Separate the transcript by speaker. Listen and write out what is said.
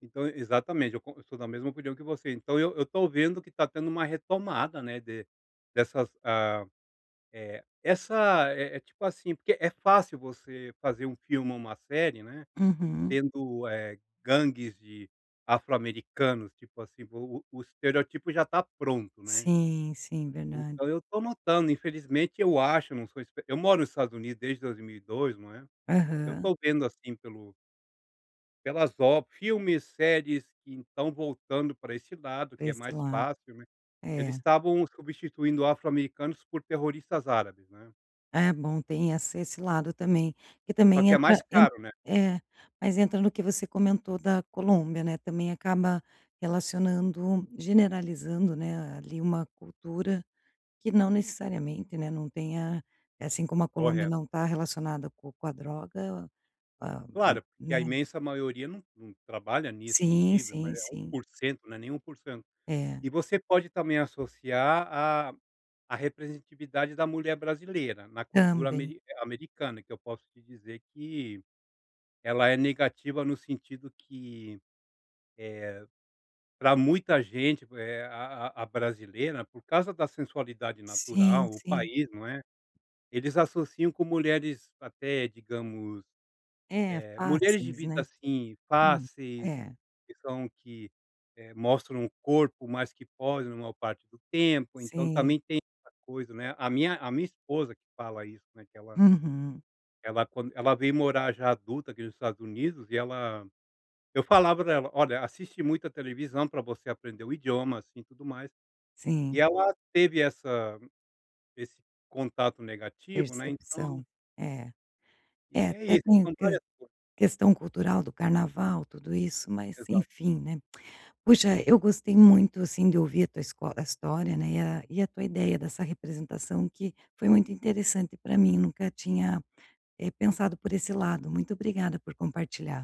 Speaker 1: Então e exatamente, eu con eu sou da mesma opinião que você, então eu eu estou vendo que está tendo uma retomada, né, de dessas ah, eh, essa, eh eh, tipo assim porque é fácil você fazer um filme ou uma série, né,
Speaker 2: Uhum.
Speaker 1: tendo, eh, gangues de afro americanos, tipo assim, o o o estereótipo já está pronto, né.
Speaker 2: Sim, sim,
Speaker 1: Então
Speaker 2: verdade.
Speaker 1: eu estou notando, infelizmente, eu acho, eu não sou espe eu moro no Estados Unidos desde 2002, não é. Eu
Speaker 2: Aham.
Speaker 1: estou vendo, assim, pelo pelas ob filmes, séries que estão voltando para esse lado,
Speaker 2: Para
Speaker 1: que é
Speaker 2: esse
Speaker 1: mais
Speaker 2: lado.
Speaker 1: fácil, né. Eles
Speaker 2: É.
Speaker 1: estavam substituindo afro americanos por terroristas árabes, né.
Speaker 2: É bom, tem essa esse lado também, que
Speaker 1: Só
Speaker 2: também
Speaker 1: que é
Speaker 2: entra
Speaker 1: mais
Speaker 2: ent
Speaker 1: caro, né.
Speaker 2: é. Mas entra no que você comentou da Colômbia, né, também acaba relacionando generalizando, né, ali, uma cultura que não necessariamente, né, não tenha eh, assim como a Colômbia
Speaker 1: Correto.
Speaker 2: não está relacionada com com a droga, com a
Speaker 1: Claro, porque a
Speaker 2: né.
Speaker 1: imensa maioria não não trabalha nisso, não
Speaker 2: Sim,
Speaker 1: vive,
Speaker 2: sim,
Speaker 1: mas é é um
Speaker 2: sim.
Speaker 1: por cento, né, nem 1%.
Speaker 2: É.
Speaker 1: E você pode também associar a a representatividade da mulher brasileira na cultura
Speaker 2: Também.
Speaker 1: ameri americana, que eu posso te dizer que ela é negativa no sentido que, eh, para muita gente, eh, a a a brasileira, por causa da sensualidade
Speaker 2: Sim,
Speaker 1: natural, o
Speaker 2: sim
Speaker 1: país, não é, eles associam com mulheres, até digamos,
Speaker 2: É,
Speaker 1: eh, mulheres de
Speaker 2: fáceis,
Speaker 1: vida,
Speaker 2: né.
Speaker 1: assim,
Speaker 2: Hum,
Speaker 1: fáceis
Speaker 2: é.
Speaker 1: que são que, eh, mostram o corpo mais que pode na maior parte do tempo, então
Speaker 2: Sim.
Speaker 1: também tem essa coisa, né. A minha a minha esposa que fala isso, né, que ela
Speaker 2: Uhum.
Speaker 1: ela quand ela veio morar já adulta aqui nos Estados Unidos e ela eu falava para ela: "olha, assisti muita televisão para você aprender o idioma, assim, e tudo mais". E
Speaker 2: Sim.
Speaker 1: ela teve essa esse contato negativo, né, então
Speaker 2: Percepção, é. É,
Speaker 1: E é
Speaker 2: até
Speaker 1: isso,
Speaker 2: tem
Speaker 1: são
Speaker 2: ques
Speaker 1: várias coisas.
Speaker 2: questão cultural do carnaval, tudo isso, mas
Speaker 1: Exato.
Speaker 2: enfim, né. Puxa, eu gostei muito, assim, de ouvir a tua escola história, né, e a e a tua ideia dessa representação, que foi muito interessante para mim. Nunca tinha, eh, pensado por esse lado. Muito obrigada por compartilhar.